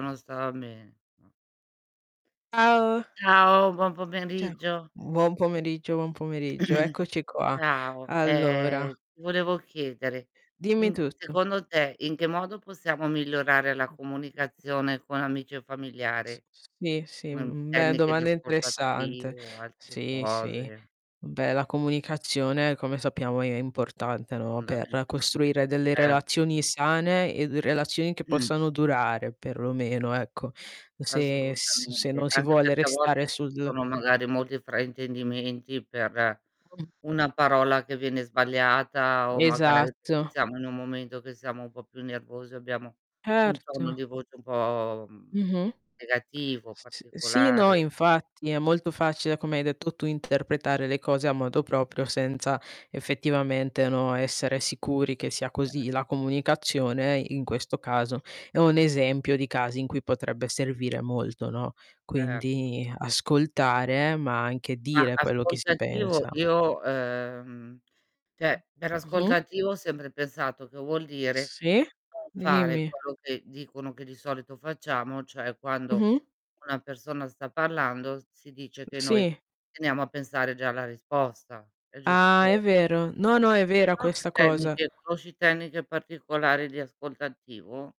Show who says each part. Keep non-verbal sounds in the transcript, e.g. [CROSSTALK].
Speaker 1: Non stava bene. Mh. C
Speaker 2: Ciao!
Speaker 1: ciao, buon
Speaker 2: Ciao.
Speaker 1: pomeriggio.
Speaker 2: Buon pomeriggio, buon pomeriggio.
Speaker 1: [CLEARS THROAT]
Speaker 2: Eccoci qua.
Speaker 1: Ciao,
Speaker 2: Allora
Speaker 1: ehm, ti volevo chiedere:
Speaker 2: Dimmi
Speaker 1: in c
Speaker 2: tutto.
Speaker 1: secondo te, in che modo possiamo migliorare la
Speaker 2: Mh.
Speaker 1: comunicazione con amici o
Speaker 2: S
Speaker 1: familiare?
Speaker 2: s sì, sì,
Speaker 1: Come un
Speaker 2: mhmm, beh
Speaker 1: tecniche di
Speaker 2: domanda
Speaker 1: ascolto
Speaker 2: interessante,
Speaker 1: attivo o altre
Speaker 2: sì, sì.
Speaker 1: cose?
Speaker 2: Beh, la comunicazione come sappiamo è è importante, no,
Speaker 1: Fondamentale,
Speaker 2: per costruire delle
Speaker 1: certo.
Speaker 2: relazioni sane e d relazioni che
Speaker 1: Mh.
Speaker 2: possano durare perlomeno, ecco. Se s se
Speaker 1: Assolutamente.
Speaker 2: non si
Speaker 1: Anche
Speaker 2: vuole
Speaker 1: perché a
Speaker 2: restare
Speaker 1: volte ci
Speaker 2: sul
Speaker 1: sono magari molti fraintendimenti per
Speaker 2: Con
Speaker 1: una parola che viene sbagliata, o magari perchè
Speaker 2: Esatto.
Speaker 1: siamo in un momento che siamo un po' più nervosi, abbiamo un tono
Speaker 2: Erto.
Speaker 1: di voce un po', mhmm,
Speaker 2: Mh-mh.
Speaker 1: negativo,
Speaker 2: S s sì, no,
Speaker 1: particolare.
Speaker 2: infatti è molto facile, come hai detto tu, interpretare le cose a modo proprio senza effettivamente, no, essere sicuri che sia
Speaker 1: [UNINTELLIGIBLE]
Speaker 2: così. La comunicazione, in questo caso, è un
Speaker 1: Sì.
Speaker 2: esempio di casi in cui potrebbe servire molto, no,
Speaker 1: Er
Speaker 2: quindi ascoltare, ma anche
Speaker 1: Ma
Speaker 2: dire quello che
Speaker 1: ascolto
Speaker 2: si
Speaker 1: attivo,
Speaker 2: pensa.
Speaker 1: io ehm, cioè per ascolto
Speaker 2: Mh-mh.
Speaker 1: attivo ho sempre pensato che vuol dire:
Speaker 2: Sì?
Speaker 1: non fare
Speaker 2: Dimmi.
Speaker 1: quello che dicono che di solito facciamo, cioè quando
Speaker 2: Mh-mh.
Speaker 1: una persona sta parlando, si dice che noi:
Speaker 2: Sì.
Speaker 1: "Teniamo a pensare già alla risposta." È
Speaker 2: Ah, è
Speaker 1: giusto?
Speaker 2: vero. No, no, è
Speaker 1: Se
Speaker 2: vera
Speaker 1: no, che
Speaker 2: questa cosa.
Speaker 1: tecniche conosci tecniche particolari di ascolto attivo?